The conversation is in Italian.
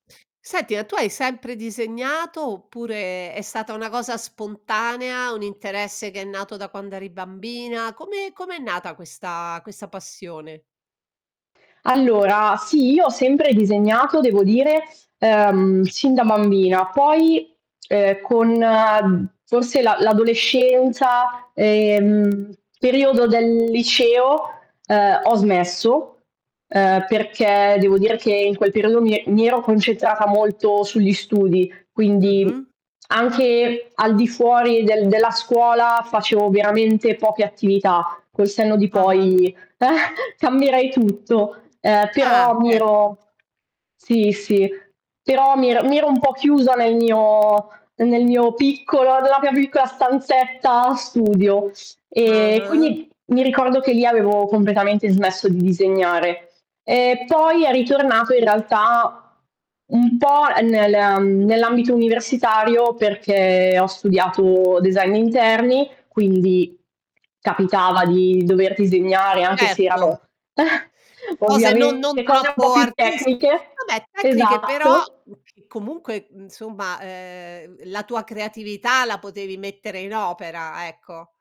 Senti, a tu hai sempre disegnato oppure è stata una cosa spontanea, un interesse che è nato da quando eri bambina, come come è nata questa questa passione? Allora sì, io ho sempre disegnato, devo dire, ehm, sin da bambina, poi, ehm, con forse la l'adolescenza, ehm, periodo del liceo, ehm, ho smesso. Ehm, perché devo dire che in quel periodo mi e mi ero concentrata molto sugli studi, quindi Mh-mh. anche al di fuori del della scuola facevo veramente poche attività. Col senno di Ah-ah. poi cambierei tutto, ehm, Ah però mi ecco. ero sì, sì, però mi ero mi ero un po' chiusa nel mio nel mio piccolo, nella mia piccola stanzetta studio e Ah-ah. quindi mi ricordo che lì avevo completamente smesso di disegnare. E poi è ritornato in realtà un po' nel, mhmm, nell'ambito universitario, perché ho studiato design d'interni, quindi capitava di dover Beh disegnare, anche se certo. erano Cose non non ovviamente cose un po' troppo più artistiche tecniche. vabbè tecniche però Esatto. [unintelligible] comunque insomma, ehm, la tua creatività la potevi mettere in opera, ecco.